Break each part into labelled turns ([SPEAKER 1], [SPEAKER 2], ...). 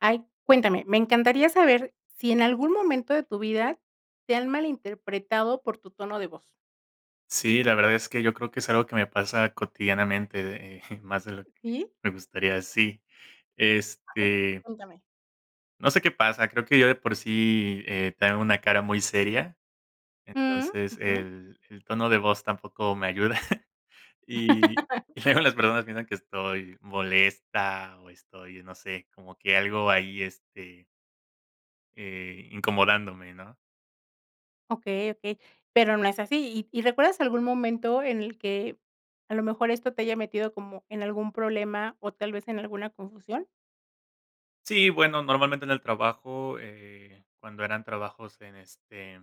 [SPEAKER 1] Ay, cuéntame. Me encantaría saber si en algún momento de tu vida te han malinterpretado por tu tono de voz.
[SPEAKER 2] Sí, la verdad es que yo creo que es algo que me pasa cotidianamente, de más de lo que
[SPEAKER 1] ¿Sí?
[SPEAKER 2] me gustaría, sí.
[SPEAKER 1] Ay,
[SPEAKER 2] Este
[SPEAKER 1] cuéntame.
[SPEAKER 2] no sé qué pasa, creo que yo de por sí, eh, tengo una cara muy seria,
[SPEAKER 1] Mm.
[SPEAKER 2] entonces.
[SPEAKER 1] Ujú.
[SPEAKER 2] El el tono de voz tampoco me ayuda, y y luego las personas piensan que estoy molesta o estoy, no sé, como que algo ahí, este eh, incomodándome, ¿no?
[SPEAKER 1] Okey, okey, pero no es así. Y y, ¿recuerdas algún momento en el que a lo mejor esto te haya metido como en algún problema, o tal vez en alguna confusión?
[SPEAKER 2] Sí, bueno, normalmente en el trabajo, eh, cuando eran trabajos en, este,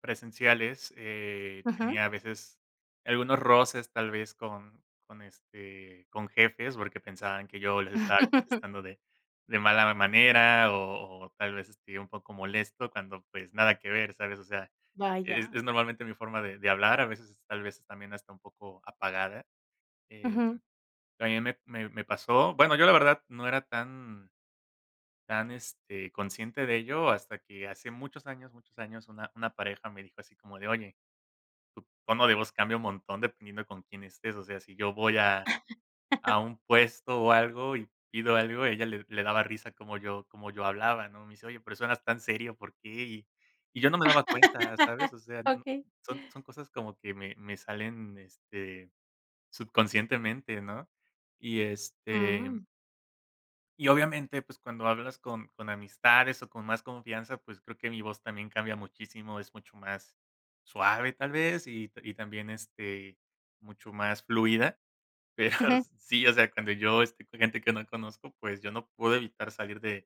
[SPEAKER 2] presenciales eh,
[SPEAKER 1] Ujú.
[SPEAKER 2] tenía a veces algunos roces tal vez, con con, este, con jefes, porque, pensaban que yo les estaba contestando de de mala manera, o o tal vez, este, un poco molesto cuando, pues, nada que ver, ¿sabes? O sea, es
[SPEAKER 1] Vaya.
[SPEAKER 2] es normalmente mi forma de de hablar, a veces tal vez es también hasta un poco apagada. Eh.
[SPEAKER 1] Ujú.
[SPEAKER 2] también me me me pasó, bueno, yo la verdad no era tan tan este, consciente de ello, hasta que hace muchos años, muchos años, una una pareja me dijo así como de oye, tu tono de voz cambia un montón dependiendo con quién estés, o sea, si yo voy a a un puesto o algo y pido algo, ella le le daba risa como yo como yo hablaba, ¿no? Me dice, oye, pero eso suenas tan serio, ¿por qué? Y y yo no me daba cuenta, ¿sabes? O sea, no,
[SPEAKER 1] Okey.
[SPEAKER 2] son son cosas como que me me salen, este, subconscientemente, ¿no? Y, este
[SPEAKER 1] Mm.
[SPEAKER 2] y obviamente, pues, cuando hablas con con amistades, o con más confianza, pues, creo que mi voz también cambia muchísimo, es mucho más suave tal vez, y y también, este, mucho más fluida, pero
[SPEAKER 1] Ujú.
[SPEAKER 2] sí, o sea, cuando yo estoy con gente que no conozco, pues, yo no puedo evitar salir de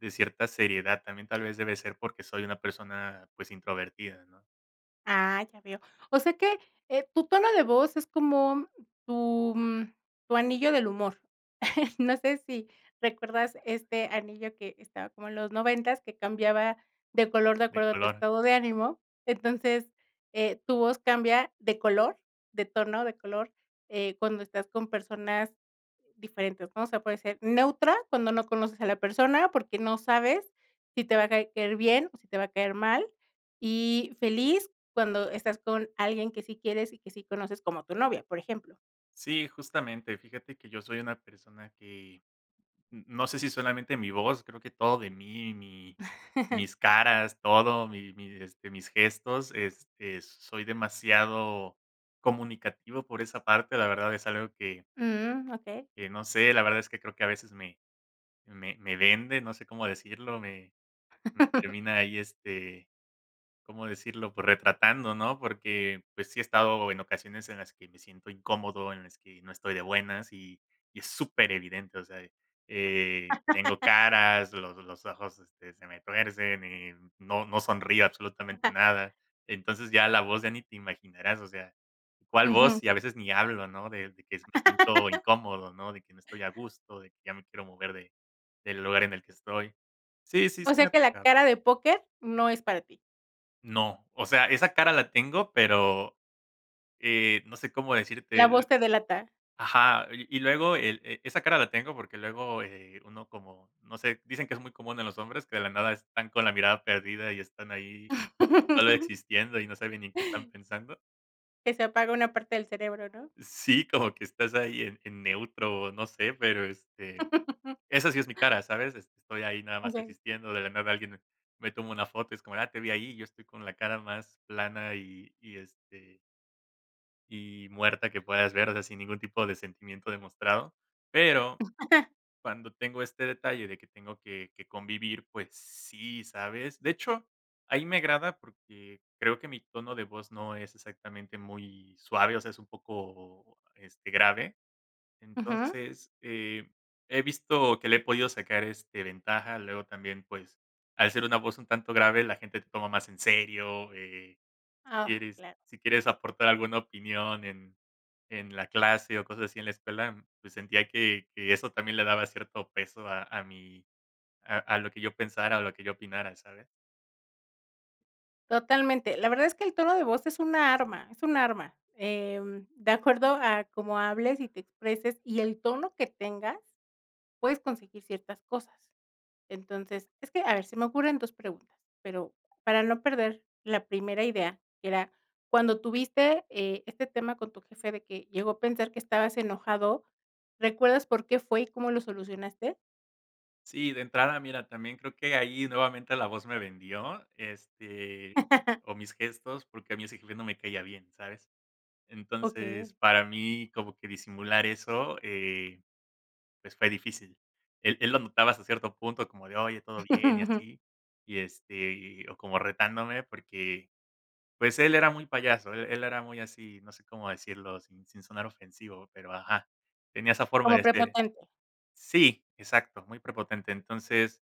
[SPEAKER 2] de cierta seriedad, también tal vez, de debe ser porque, soy una persona, pues, introvertida, ¿no?
[SPEAKER 1] Ah, ya veo. O sea que, eh, tu tono de voz es como tu, mm, tu anillo del humor. No sé, si recuerdas este anillo que estaba como en los noventas, que cambiaba de color de
[SPEAKER 2] De
[SPEAKER 1] acuerdo a tu
[SPEAKER 2] color.
[SPEAKER 1] estado de ánimo. Entonces eh, tu voz cambia de color, de tono, de color, eh, cuando estás con personas diferentes, ¿no? O sea, puede ser neutra cuando no conoces a la persona, porque, no sabes si te va a caer bien o si te va a caer mal, y feliz cuando estás con alguien que sí quieres y que sí conoces como tu novia, por ejemplo.
[SPEAKER 2] Sí, justamente fíjate que yo soy una persona que no no sé, si solamente mi voz, creo que todo de mí mi mis caras, todo, mi mi este mis gestos, este, soy demasiado comunicativo por esa parte, la verdad es algo que
[SPEAKER 1] Mm, okey.
[SPEAKER 2] que no sé, la verdad es que creo que a veces me me me venden, no sé cómo decirlo, me me termina ahí, este, ¿cómo decirlo?, pues retratando, ¿no? Porque, pues, sí he estado en ocasiones en las que me siento incómodo, en las que no estoy de buenas, y y es súper evidente, o sea eh eh, tengo caras, lo los ojos, este se me tuercen, y no no sonrío absolutamente nada. Entonces, ya la voz ya ni te imaginarás, o sea, ¿cuál
[SPEAKER 1] Ujú.
[SPEAKER 2] voz?, y a veces ni hablo, ¿no? De de que me siento incómodo, ¿no? De que no estoy a gusto, de que ya me quiero mover de del lugar en el que estoy. Sí sí sí
[SPEAKER 1] O sea,
[SPEAKER 2] me ha
[SPEAKER 1] que la
[SPEAKER 2] tocado.
[SPEAKER 1] cara de póquer no es para ti.
[SPEAKER 2] No, o sea, esa cara la tengo, pero, eh, no sé cómo decirte
[SPEAKER 1] La voz
[SPEAKER 2] el
[SPEAKER 1] te delata.
[SPEAKER 2] ajá, y y luego el, eh, esa cara la tengo, porque, luego, eh, uno como, no sé, dicen que es muy común en los hombres que de la nada están con la mirada perdida y están ahí solo existiendo y no saben ni qué están pensando.
[SPEAKER 1] Que se apaga una parte del cerebro, ¿no?
[SPEAKER 2] Sí, como que estás ahí en en neutro, o no sé, pero este esa sí es mi cara, ¿sabes? Este, estoy ahí nada más
[SPEAKER 1] Okey.
[SPEAKER 2] existiendo, de la nada alguien me me toma una foto y es como de: "ah, te vi ahí", y yo estoy con la cara más plana y y, este y muerta que puedas ver, o sea, sin ningún tipo de sentimiento demostrado. Pero cuando tengo este detalle de que tengo que que convivir, pues sí, ¿sabes? De hecho, ahí me agrada porque creo que mi tono de voz no es exactamente muy suave, o sea, es un poco, este, grave.
[SPEAKER 1] Ujú
[SPEAKER 2] Entonces, eh, he visto que le he podido sacar, este, ventaja, luego también, pues, al ser una voz un tanto grave, la gente te toma más en serio, eh, si
[SPEAKER 1] Ah,
[SPEAKER 2] quieres
[SPEAKER 1] claro.
[SPEAKER 2] si quieres aportar alguna opinión en en la clase o cosas así en la escuela, pues sentía que que eso también le daba cierto peso a a mi a a lo que yo pensara o lo que yo opinara, ¿sabes?
[SPEAKER 1] Totalmente. La verdad es que el tono de voz es una arma es un arma, em, de acuerdo a cómo hables y te expreses y el tono que tengas puedes conseguir ciertas cosas. Entonces es que, a ver, se me ocurren 2 preguntas, pero para no perder la primera idea, que era cuando tuviste, eh, este tema con tu jefe de que llegó a pensar que estabas enojado, ¿recuerdas por qué fue y cómo lo solucionaste?
[SPEAKER 2] Sí, de entrada, mira, también creo que ahí nuevamente la voz me vendió, este, o mis gestos, porque a mi ese jefe no me caía bien, ¿sabes?
[SPEAKER 1] Okey.
[SPEAKER 2] Entonces, para mí como que disimular eso, eh, pues, fue difícil. Él él lo notaba hasta cierto punto como de: "Oye, ¿todo bien?", y así. Y este, y o como retándome, porque, pues él era muy payaso, él él era muy así, no sé, cómo decirlo, sin sin sonar ofensivo, pero, ajá, tenía esa forma
[SPEAKER 1] Como
[SPEAKER 2] de ser.
[SPEAKER 1] prepotente.
[SPEAKER 2] Sí, exacto, muy prepotente, entonces,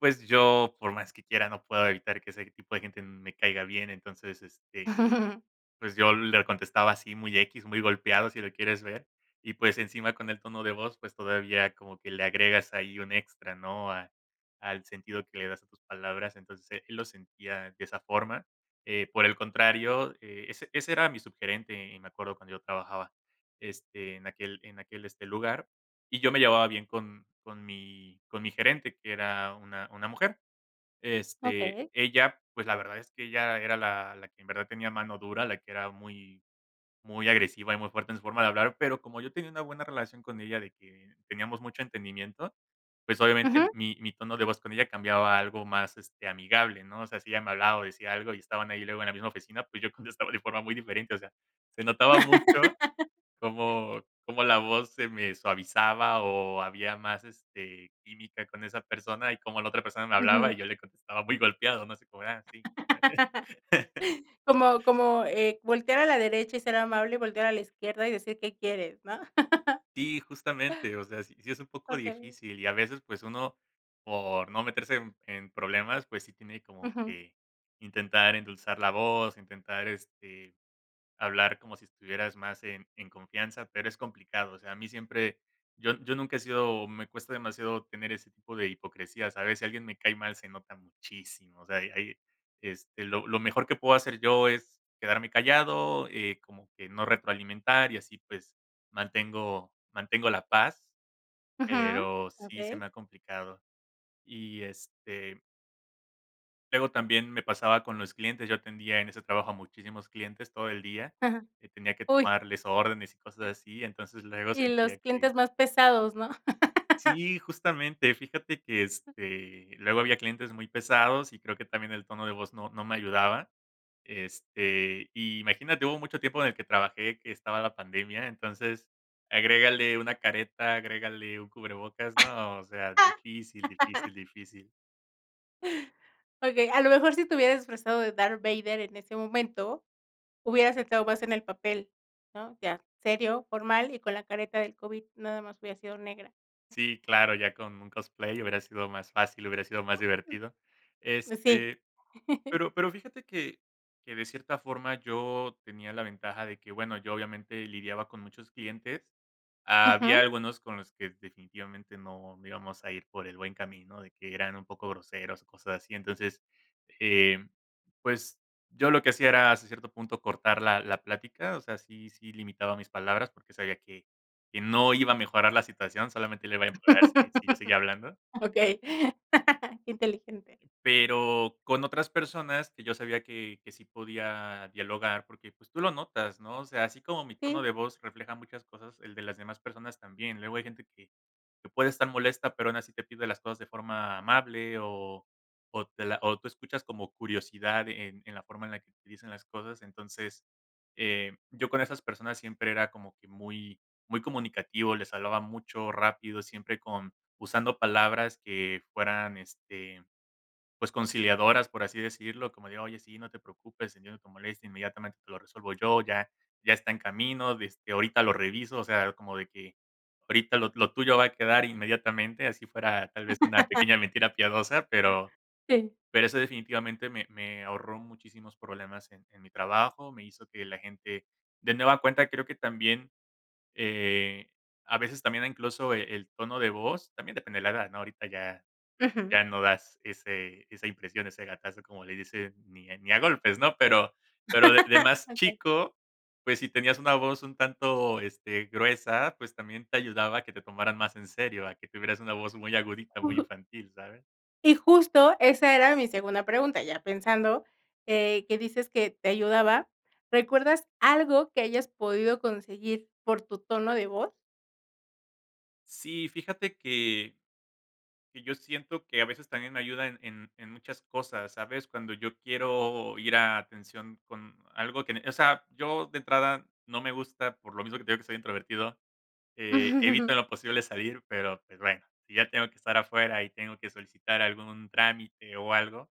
[SPEAKER 2] pues yo, por más que quiera, no puedo evitar que ese tipo de gente m me caiga bien, entonces, este, pues yo le contestaba así muy equis, muy golpeado, si lo quieres ver, y pues, encima con el tono de voz, pues, todavía como que le agregas ahí un extra, ¿no? A al sentido que le das a tus palabras, entonces e él lo sentía de esa forma, eh, por el contrario, eh, ese ese era mi subgerente, eh, me acuerdo cuando yo trabajaba, este, en aquel en aquel, este, lugar, y yo me llevaba bien con con mi con mi gerente, que era una una mujer. Este,
[SPEAKER 1] Okey.
[SPEAKER 2] ella, pues, la verdad es que ella era la la que en verdad tenía mano dura, la que era muy muy agresiva y muy fuerte en su forma de hablar, pero como yo tenía una buena relación con ella de que teníamos mucho entendimiento, pues,
[SPEAKER 1] Ujú.
[SPEAKER 2] obviamente mi mi tono de voz con ella cambiaba a algo más, este, amigable, ¿no? O sea, si ella me hablaba o decía algo y estaban ahí luego en la misma oficina, pues, yo contestaba de forma muy diferente, o sea, se notaba mucho cómo cómo la voz se me suavizaba o había más, este, química con esa persona y como la otra persona me hablaba
[SPEAKER 1] Ujú.
[SPEAKER 2] y yo le contestaba muy golpeado no sé, como de: "Ah, sí".
[SPEAKER 1] Como como, eh, voltear a la derecha y ser amable y voltear a la izquierda y decir: "¿Qué quieres?" ¿No?
[SPEAKER 2] Si, justamente, o sea, sí sí es un poco
[SPEAKER 1] Okey.
[SPEAKER 2] difícil y a veces pues, uno por no meterse en en problemas, pues, sí tiene como
[SPEAKER 1] Ujú.
[SPEAKER 2] que intentar endulzar la voz, intentar, este, hablar como si estuvieras más en en confianza, pero es complicado, o sea, a mí siempre yo yo nunca he sido me cuesta demasiado tener ese tipo de hipocresías, ¿sabes?, si alguien me cae mal se nota muchísimo, o sea, hay hay este lo lo mejor que puedo hacer yo es quedarme callado, eh, como que no retroalimentar y así pues mantengo mantengo la paz,
[SPEAKER 1] Ujú,
[SPEAKER 2] pero, sí se
[SPEAKER 1] okey.
[SPEAKER 2] me ha complicado, y, este luego también, me pasaba con los clientes, yo atendía en ese trabajo a muchísimos clientes todo el día,
[SPEAKER 1] Ajá,
[SPEAKER 2] que tenía que
[SPEAKER 1] uy.
[SPEAKER 2] tomarles órdenes y cosas así, entonces, luego
[SPEAKER 1] Y
[SPEAKER 2] sentía
[SPEAKER 1] los
[SPEAKER 2] que
[SPEAKER 1] clientes más pesados, ¿no?
[SPEAKER 2] Sí, justamente fíjate que, este, luego había clientes muy pesados y creo que también el tono de voz no no me ayudaba, este, imagínate hubo mucho tiempo en el que trabajé, que estaba la pandemia, entonces agrégale una careta, agrégale un cubrebocas, no, o sea difícil, difícil, difícil.
[SPEAKER 1] Okey, a lo mejor si te hubieras disfrazado de Darth Vader en ese momento, hubieras entrado más en el papel ¿no? Ya, serio, formal y con la careta del COVID, nada más hubiera sido negra.
[SPEAKER 2] Sí claro, ya con un cosplay hubiera sido más fácil, hubiera sido más
[SPEAKER 1] Mm.
[SPEAKER 2] divertido,
[SPEAKER 1] Pues sí.
[SPEAKER 2] este, pero pero, fíjate que que de cierta forma yo tenía la ventaja de que bueno yo obviamente lidiaba con muchos clientes. Había
[SPEAKER 1] Ujú.
[SPEAKER 2] algunos con los que definitivamente, no íbamos a ir por el buen camino, de que eran un poco groseros o cosas así. Entonces, eh, pues, yo lo que hacía era, hasta cierto punto, cortar la la plática, o sea, sí sí limitaba mis palabras, porque, sabía que que no iba a mejorar la situación, solamente le va a empeorar si si yo seguía hablando
[SPEAKER 1] Okey, qué inteligente.
[SPEAKER 2] pero, con otras personas que yo sabía que que sí podía dialogar porque, pues, tú lo notas, ¿no? O sea, así como mi tono
[SPEAKER 1] Sí.
[SPEAKER 2] de voz refleja muchas cosas, el de las demás personas también, luego hay gente que puede estar molesta, pero, aún así te pide las cosas de forma amable o o te la o tú escuchas como curiosidad en en la forma en la que utilizan las cosas, entonces, eh, yo con esas personas siempre era como que muy muy comunicativo, les hablaba mucho, rápido, siempre con usando palabras que fueran, este, pues conciliadoras, por así decirlo, como de: "Oye, sí, no te preocupes, entiendo tu molestia, inmediatamente te lo resuelvo yo, ya ya está en camino, este, ahorita lo reviso, o sea, como de que ahorita lo lo tuyo va a quedar inmediatamente", así fuera tal vez una pequeña mentira piadosa, pero
[SPEAKER 1] Sí.
[SPEAKER 2] pero, eso definitivamente me me ahorró muchísimos problemas en en mi trabajo, me hizo que la gente de nueva cuenta, creo que también, eh, a veces también incluso el tono de voz, también depende de la edad, ¿no? Ahorita ya
[SPEAKER 1] Ujú.
[SPEAKER 2] ya no das ese esa impresión, ese gatazo, como le dice, ni ni a golpes, ¿no? pero pero de de más
[SPEAKER 1] Okey.
[SPEAKER 2] chico, pues, si tenías una voz un tanto, este, gruesa, pues, también te ayudaba a que te tomaran más en serio, a que tuvieras una voz muy agudita, muy
[SPEAKER 1] Uh.
[SPEAKER 2] infantil, ¿sabes?
[SPEAKER 1] Y justo esa era mi segunda pregunta, ya pensando, eh, que dices que te ayudaba, ¿recuerdas algo que hayas podido conseguir por tu tono de voz?
[SPEAKER 2] Sí, fíjate que que yo siento que a veces también ayuda en en en muchas cosas, ¿sabes? Cuando yo quiero ir a atención con algo que en eh, o sea, yo de entrada no me gusta, por lo mismo que te digo que soy introvertido, eh, evito en lo posible salir, pero, pues, bueno, si ya tengo que estar afuera y tengo que solicitar algún trámite o algo,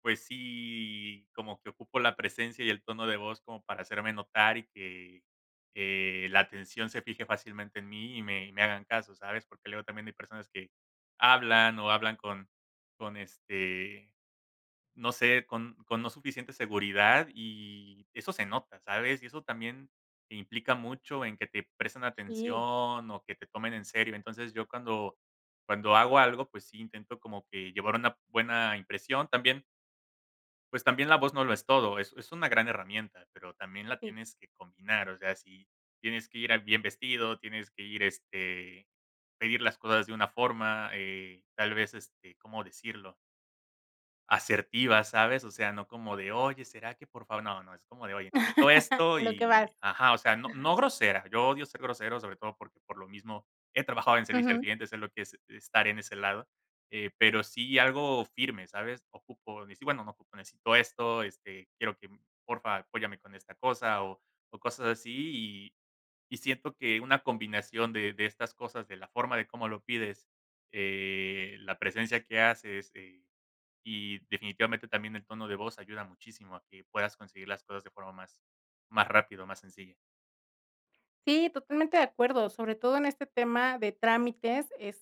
[SPEAKER 2] pues sí, como que ocupo la presencia y el tono de voz como para hacerme notar y que, eh, la atención se fije fácilmente en mí y me y me hagan caso, ¿sabes? Porque, luego también hay personas que hablan, o hablan con con este, no sé, con con no suficiente seguridad y eso se nota, ¿sabes? Y eso también implica mucho en que te presten
[SPEAKER 1] Sí.
[SPEAKER 2] atención o que te tomen en serio, entonces, yo cuando cuando hago algo, pues, sí, intento como que llevar una buena impresión, también pues, también la voz no lo es todo, es es una gran herramienta, pero también, la
[SPEAKER 1] Y
[SPEAKER 2] tienes que combinar, o sea, si tienes que ir, ah, bien vestido, tienes que ir, este, pedir las cosas de una forma, eh, tal vez, este, cómo decirlo. Asertiva, ¿sabes? O sea, no como de: "oye, será que por favor", no no, es como de: "oye, necesito esto"
[SPEAKER 1] A lo que
[SPEAKER 2] y
[SPEAKER 1] vas.
[SPEAKER 2] ajá, o sea, no no grosera, yo odio ser grosero, sobre todo, porque, por lo mismo he trabajado en servicio al
[SPEAKER 1] Ujú.
[SPEAKER 2] cliente, sé lo que es estar en ese lado, eh, pero, sí algo firme, ¿sabes? "Ocupo", decir, bueno, no ocupo, "necesito esto", este, "quiero que, por fa, apóyame con esta cosa" o o cosas así y y siento que una combinación de de estas cosas, de la forma de cómo lo pides, eh, la presencia que haces, eh, y definitivamente también el tono de voz ayuda muchísimo a que puedas conseguir las cosas de forma más más rápida, o más sencilla.
[SPEAKER 1] Sí, totalmente de acuerdo, sobre todo en este tema de trámites es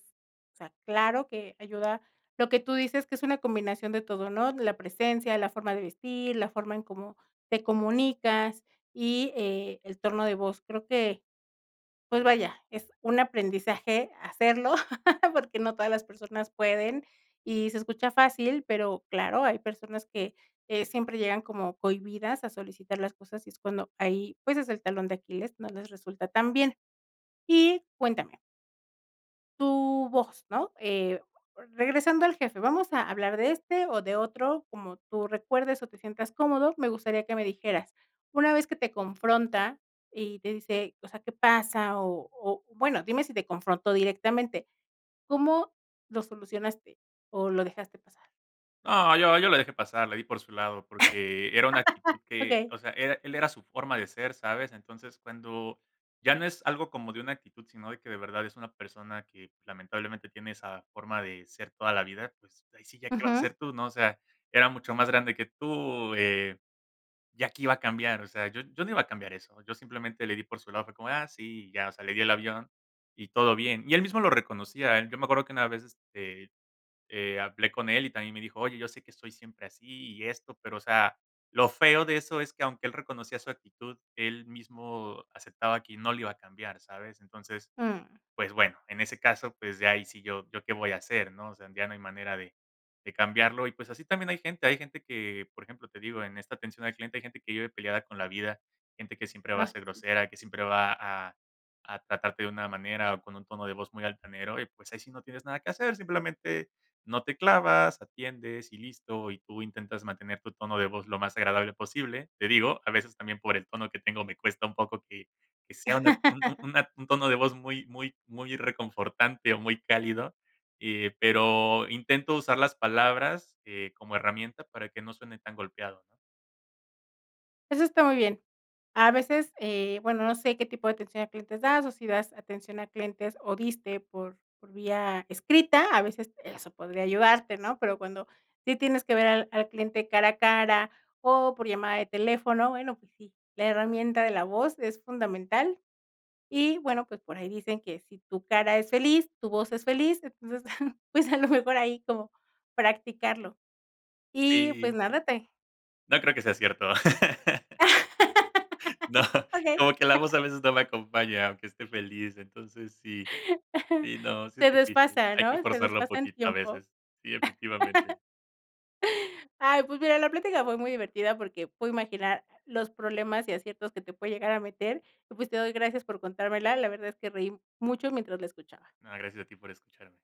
[SPEAKER 1] o sea, claro que ayuda, lo que tú dices que es una combinación de todo, ¿no? la presencia, la forma de vestir, la forma en cómo te comunicas y, eh, el torno de voz, creo que pues, vaya, es un aprendizaje hacerlo, porque no todas las personas pueden y se escucha fácil, pero claro, hay personas que, eh, siempre llegan como cohibidas a solicitar las cosas, y es cuando ahí, pues, es el talón de Aquiles, no les resulta tan bien, y cuéntame tu voz, ¿no? Eh, regresando al jefe, vamos a hablar de este o de otro, como tú recuerdes o te sientas cómodo, me gustaría que me dijeras, una vez que te confronta y te dice, o sea, ¿qué pasa? O o bueno, dime si te confrontó directamente, ¿cómo lo solucionaste?, ¿o lo dejaste pasar?
[SPEAKER 2] No, yo yo la dejé pasar, le di por su lado porque era una actitud que
[SPEAKER 1] Okey.
[SPEAKER 2] o sea, era él era su forma de ser, ¿sabes? Entonces, cuando ya no es algo como de una actitud, sino de que de verdad es una persona que lamentablemente tiene esa forma de ser toda la vida, pues ahí sí ya qué vas a
[SPEAKER 1] Ujú.
[SPEAKER 2] hacer tú, ¿no? O sea, era mucho más grande que tú, eh, ¿ya qué iba a cambiar? O sea, yo yo no iba a cambiar eso, yo simplemente le di por su lado, fue como de: "ah, sí", y ya, o sea, le di el avión y todo bien. Y él mismo lo reconocía, él yo me acuerdo que una vez, este, eh, hablé con él y también me dijo: "Oye, yo sé que soy siempre así y esto", pero, o sea, lo feo de eso es que, aunque él reconocía su actitud, él mismo aceptaba qui no lo iba a cambiar, ¿sabes? Entonces,
[SPEAKER 1] Mm.
[SPEAKER 2] pues bueno, en ese caso, pues, ya ahí sí yo yo ¿qué voy a hacer, no? O sea, ya no hay manera de de cambiarlo y, pues, así también hay gente, hay gente que, por ejemplo, te digo, en esta atención al cliente, hay gente que vive peleada con la vida, gente que siempre va a
[SPEAKER 1] Ah,
[SPEAKER 2] ser
[SPEAKER 1] sí.
[SPEAKER 2] grosera, que siempre va a a tratarte de una manera o con un tono de voz muy altanero, y, pues, ahí sí no tienes nada que hacer, simplemente no te clavas, atiendes y listo, y tú intentas mantener tu tono de voz lo más agradable posible. Te digo, a veces también por el tono que tengo, me cuesta un poco que que sea una un un una un tono de voz muy muy muy reconfortante o muy cálido, eh, pero intento usar las palabras, eh, como herramienta para que no suene tan golpeado, ¿no?
[SPEAKER 1] Eso está muy bien. A veces, eh, bueno, no sé qué tipo de atención a clientes das, o si das atención a clientes o diste por por vía escrita, a veces eso podría ayudarte, ¿no? Pero cuando sí tienes que ver al al cliente cara a cara o por llamada de teléfono, bueno, pues sí, la herramienta de la voz es fundamental y, bueno, pues por ahí dicen que si tu cara es feliz, tu voz es feliz, entonces, pues a lo mejor ahí, como practicarlo y, pues
[SPEAKER 2] Sí.
[SPEAKER 1] nada, te
[SPEAKER 2] No creo que sea cierto. No,
[SPEAKER 1] Okey.
[SPEAKER 2] como que la voz a veces no la acompaña, aunque esté feliz, entonces sí. Sí, no, sí es
[SPEAKER 1] Se
[SPEAKER 2] difícil,
[SPEAKER 1] desfasa,
[SPEAKER 2] hay que
[SPEAKER 1] ¿no?, se
[SPEAKER 2] forzarlo
[SPEAKER 1] desfasa en
[SPEAKER 2] poquito a
[SPEAKER 1] tiempo.
[SPEAKER 2] veces. Sí, efectivamente.
[SPEAKER 1] Ay, pues mira, la plática fue muy divertida porque pude imaginar los problemas y aciertos que te puede llegar a meter, y pues te doy gracias por contármela, la verdad es que reí m mucho mientras la escuchaba.
[SPEAKER 2] No, gracias a ti por escucharme.